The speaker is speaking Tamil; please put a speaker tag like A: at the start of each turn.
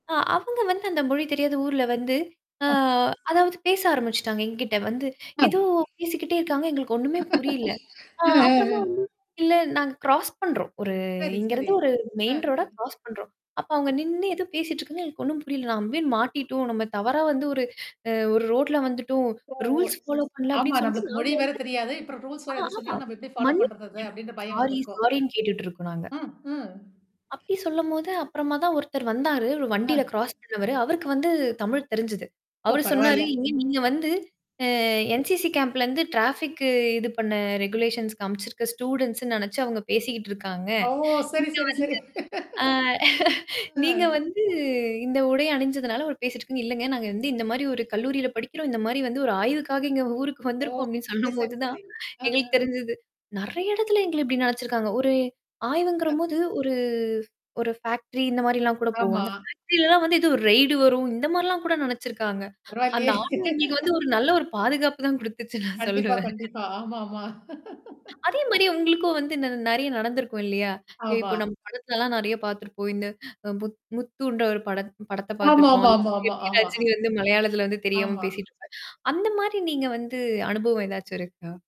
A: ஆ, அவங்க வந்து அந்த மொழி தெரியாத ஊர்ல வந்து, ஆ,
B: ஆ.
A: அதாவது பேச ஆரம்பிச்சுட்டாங்க என்கிட்ட வந்து. ஏதோ
B: [unintelligible]
A: பேசிக்கிட்டே இருக்காங்க. எங்களுக்கு ஒண்ணுமே புரியல. ஆ, அப்பறமா வந்து,
B: [unintelligible]
A: இல்ல, நாங்க கிராஸ் பண்றோம். ஒரு
B: செரி, செரி.
A: இங்கருந்து ஒரு மெயின்
B: ஹம்.
A: ரோடா கிரராாஸ் பண்றோம். அப்ப
B: ஓ.
A: அவங்க நின்னு ஏதோ பேசிட்டு இருக்காங்க எனக்கு ஒண்ணும் புரியல. நம்ம போய், மாட்டிட்டோம். நம்ம தவறா வந்து ஒரு அ ஒரு ரோட்ல வந்துட்டோம்
B: ஓ! ஓ!
A: ரூல்ஸ் ஃபாலோ பண்ணல
B: ஆமா,
A: அப்படின்னு சொல்லிட்டு
B: நம்மளுக்கு
A: நாங்க
B: மொழி
A: வந்து
B: வேற தெரியாது. இப்பறம் ரூல்ஸ்
A: ஆ,
B: வேற என்னா
A: ஆமா.
B: சொன்னாலும், நம்ம எப்படி ஃபாலோ
A: மன்னபு
B: பண்றது அத?
A: கேட்டுட்டு
B: அப்படின்ற
A: இருக்கோம்.
B: பயம்
A: சாரி,
B: வந்திருக்கும்.
A: சாரின்னு கேட்டுட்டு இருக்கோம் நாங்க
B: ஆ, அ.
A: அப்படி சொல்லும்போது, அப்பறமா தான் ஒருத்தர் வந்தாரு. ஒரு
B: ஆ.
A: வண்டியில கிராஸ் பண்ணவரு. அவருக்கு வந்து தமிழ் தெரிஞ்சது.
B: ஓ,
A: அவரு சொன்னாரு,
B: பரவால்ல.
A: "இங்க நீங்க
B: ம்.
A: வந்து, ஆ, NCC கேம்ப்ல இருந்து டராஃபிக்கு இது பண்ண ரெகுலேஷன்ஸ் காமிச்சிருக்க ஸ்டூடண்ட்ஸ்ன்னு நினைச்சு அவங்க பேசிக்கிட்டு இருக்காங்க.
B: ஓ! சரி,
A: நீங்க
B: சரி, சரி.
A: வந்து, ஆ,
B: அ.
A: நீங்க வந்து இந்த உடை அணிஞ்சதுனால அவர் பேசிட்டுருக்காங்க." "இல்லங்க, நாங்க வந்து இந்த மாரி ஒரு கல்லூரியில படிக்கிறோம். இந்த மாரி வந்து ஒரு ஆய்வுக்காக எங்க ஊருக்கு
B: ஓ.
A: வந்திருக்கோம்" அப்படின்னு
B: செரி, செரி,
A: சொல்லும்போது தான்
B: செரி. ஆ, ஆ.
A: எங்களுக்கு தெரிஞ்சது. நெறைய இடத்துல எங்கள இப்படி நெனச்சிருக்காங்க. ஒரு
B: ஆ.
A: ஆய்வுங்கறபோது, ஒரு, ஒரு ஃபேக்டரி இந்த மாரிலாம் கூட போவோ.
B: ஆமா.
A: அந்த ஃபேக்டரி எல்லாம் வந்து இது ஒரு ரெய்டு வரும். இந்த மாரிலாம் கூட நெனச்சிருக்காங்க. அந்த
B: பரவால்லையே
A: ஆய்வு எங்களுக்கு வந்து, ஒரு நல்ல ஒரு பாதுகாப்பு தான் குடுத்துச்சு நான்
B: கண்டிப்பா,
A: சொல்லுவேன்.
B: கண்டிப்பா. ஆமா, ஆமா.
A: அதே மாரி, உங்களுக்கும் வந்து ந நெறைய நடந்திருக்கும் இல்லையா?
B: ஆமா.
A: இப்போ, நம்ம படத்தலலாம் நெறைய பாத்துருப்போம். இந்த புத் முத்துன்ற ஒரு படத் படத்த
B: ஆமா,
A: பாத்துருப்போம்.
B: ஆமா,
A: அதுல
B: ஆமா,
A: வந்து,
B: ஆமா,
A: எப்படி
B: ஆமா.
A: ரஜினி வந்து மலையாளத்தில வந்து தெரியாம
B: ஆமா.
A: பேசிட்டுருப்பாரு. அந்த மாரி, நீங்க வந்து அனுபவம் ஏதாச்சும் இருக்கா?